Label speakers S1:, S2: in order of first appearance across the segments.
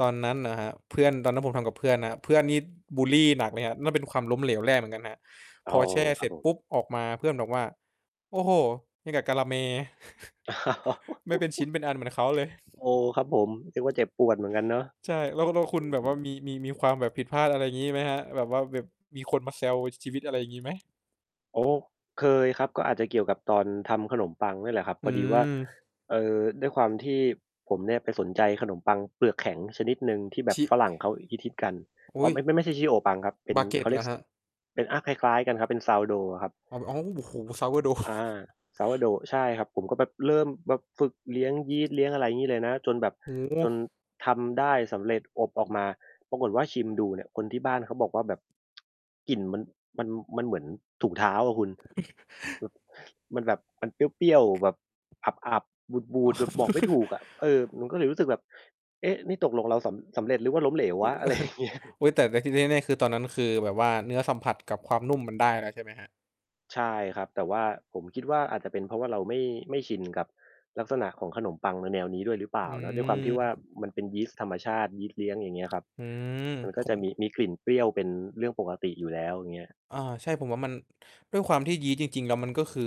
S1: ตอนนั้นเหรอครับ? เพื่อน ตอนนั้นผมทำกับเพื่อนนะ เพื่อนนี่บุลลีหนักเลยครับ นั่นเป็นความล้มเหลวแรกเหมือนกันนะครับ
S2: อ๋
S1: พ
S2: อ
S1: อแช่
S2: ค
S1: เส
S2: รั
S1: ร
S2: บ
S1: ็จ
S2: ผ
S1: ป
S2: ม
S1: ุ๊บ ออกมา เพื่อนบอกว่า "โอ้โฮ ยังกับกาละแม ไม่เป็นชิ้นเป็นอันเหมือนเขาเลย"
S2: อ๋อ ครับผม เรียกว่าเจ็บปวดเหมือนกันเนาะ
S1: ใช่ แล้ว แล้วค
S2: อื
S1: ุณแบบว่า
S2: ม
S1: มี มี มีความแบบผิดพลาด อะไรอย่างงี้ ไหมครับ? แบบว่าแบบมีคนมาแซว ช ชีวิต อะไรอย่างงี้ไหม?
S2: โอ้ เคยครับ ก็อาจจะเกี่ยวกับตอนทำขนมปังนี่แหละครับ
S1: อื
S2: พอดีว่า
S1: ม
S2: เอ่อ ด้วยความที่ผมเนี่ยไปสนใจขนมปังเปลือกแข็งชนิดหนึ่งที่แบ
S1: ช
S2: บ
S1: ิ
S2: ฝรั่งเขาฮิต ๆ กัน
S1: อ
S2: อ
S1: ุ
S2: ๋
S1: ๊
S2: อ
S1: ย
S2: ไม่ ๆ ไม่ใช่ Shio Pan ครับ เป็น เขา
S1: baguette
S2: เ
S1: เ
S2: ร
S1: ห
S2: ี
S1: ร
S2: ย
S1: อ
S2: ก ส
S1: ครับ?
S2: เป็น อ่า คล้าย ๆ กันครับ เป็น Sourdough อะครับ
S1: อ้าว ๆ โอ้โฮ Sourdough
S2: อา Sourdough ใช่ครับ ผมก็แบบเริ่มแบบฝึกเลี้ยงยีสต์ เลี้ยงอะไรงี้เลยนะ จนแบบ
S1: โอ้โ
S2: จน
S1: ฮ
S2: ทำได้สำเร็จอบออกมา ปรากฏว่าชิมดูเนี่ยคนที่บ้านเขาบอกว่าแบบ กลิ่นมัน มัน มันเหมือนถุงเท้าอะคุณ แบบ มันแบบมันเปรี้ยว ๆ แบบอับ ๆ บู
S1: อ๋อ
S2: ด ๆ แบบบอกไม่ถูกอะ เออ มันก็เลยรู้สึกแบบ เอ๊ะ นี่ตกลงเราสำ สำเร็จหรือว่าล้มเหลววะ อะไรอย่างเงี้ย
S1: อุ๊ย แต่ แต่ที่แน่ ๆ คือตอนนั้นคือแบบว่าเนื้อสัมผัสกับความนุ่มมันได้แล้วใช่ไหมครับ?
S2: ใช่ครับ แต่ว่าผมคิดว่าอาจจะเป็นเพราะว่าเราไม่ ไม่ชินกับลักษณะของขนมปังในแนวนี้ด้วยหรือเปล
S1: อ
S2: ่
S1: ื
S2: าเนาะ ด้วยความที่ว่า
S1: ม
S2: มันเป็นยีสต์ธรรมชาติ ยีสต์เลี้ยงอย่างเงี้ยครับ
S1: อืม
S2: มันก
S1: ผ
S2: ็จ
S1: ม
S2: ะมี มีกลิ่นเปรี้ยวเป็นเรื่องปกติอยู่แล้ว อย่างเงี้ย
S1: อ่า ใช่ ผมว่ามัน ด้วยความที่ยีสต์จริง ๆ แล้วมันก็คือ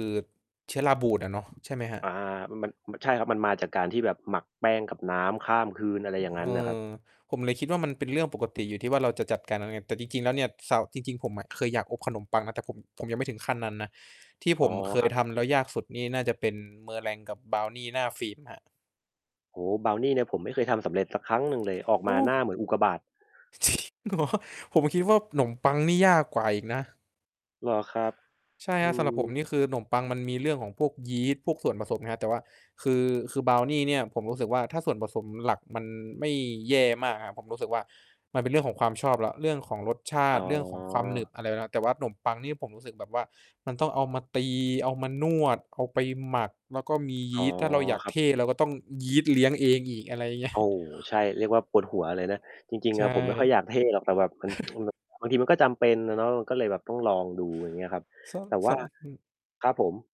S1: เชื้อราบูดอะเนาะ ใช่ไหมครับ?
S2: อา มัน มัน ใช่ครับ มันมาจากการที่แบบหมักแป้งกับน้ำข้ามคืน อะไรอย่างง
S1: เ
S2: ั้
S1: อ
S2: นน่ะครับ
S1: อ ผมเลยคิดว่ามันเป็นเรื่องปกติอยู่ที่ว่าเราจะจัดการแล้วไง แต่จริง ๆ แล้วเนี่ย ซาว จริง ๆ ผมอะเคยอยากอบขนมปังนะ แต่ผม ผมยังไม่ถึงขั้นนั้นนะ ที่
S2: อ
S1: ผ
S2: ๋อ
S1: มเค
S2: ค
S1: ย
S2: รับ
S1: ทำแล้วยากสุดนี่น่าจะเป็น Meringue กับบราวนีหน้าฟิล์มครับ
S2: โอ้ บราวนีเนี่ยผมไม่เคยทำสำเร็จสักครั้งหนึ่งเลย ออก
S1: โอ
S2: มาหน้า
S1: ้!
S2: เหมือนอุกกาบาต
S1: จริงเหรอ? ผมคิดว่าขนมปังนี่ยากกว่าอีกนะ
S2: เหรอครับ?
S1: ใช่
S2: อ
S1: ค
S2: ื
S1: รับ สำหรับผม
S2: ม
S1: นี่คือขนมปังมันมีเรื่องของพวกยีสต์ พวกส่วนผสมนะครับ แต่ว่าคือ คือบราวนีเนี่ยผมรู้สึกว่า ถ้าส่วนผสมหลักมันไม่แย่มากครับ ผมรู้สึกว่ามันเป็นเรื่องของความชอบแล้ว เรื่องของรสชา
S2: อ๋
S1: ต
S2: อ
S1: ิ เรื่องของความหนึบอะไรครับ แต่ว่าขนมปังนี่ผมรู้สึกแบบว่ามันต้องเอามาตี เอามานวด เอาไปหมัก แล้วก็มีย
S2: อ๋
S1: ี
S2: อ
S1: สต์ ถ้าเราอยาก
S2: ครั
S1: เ
S2: บ
S1: ท่ เราก็ต้องยีสต์เลี้ยงเองอีก อะไรอย่าง เงี้ย
S2: โอ้ ใช่ เรียกว่าปวดหัวเลยนะ จริง
S1: ใช
S2: ๆ อ
S1: ่
S2: ะผมไม่ค่อยอยากเท่หรอก แต่แบบมัน มันแบบบางทีมันก็จำเป็นอะเนาะ ก็เลยแบบต้องลองดูอย่างนี้ครับ
S1: ส
S2: แต่ว
S1: ส
S2: ่า
S1: อึ
S2: ครับผม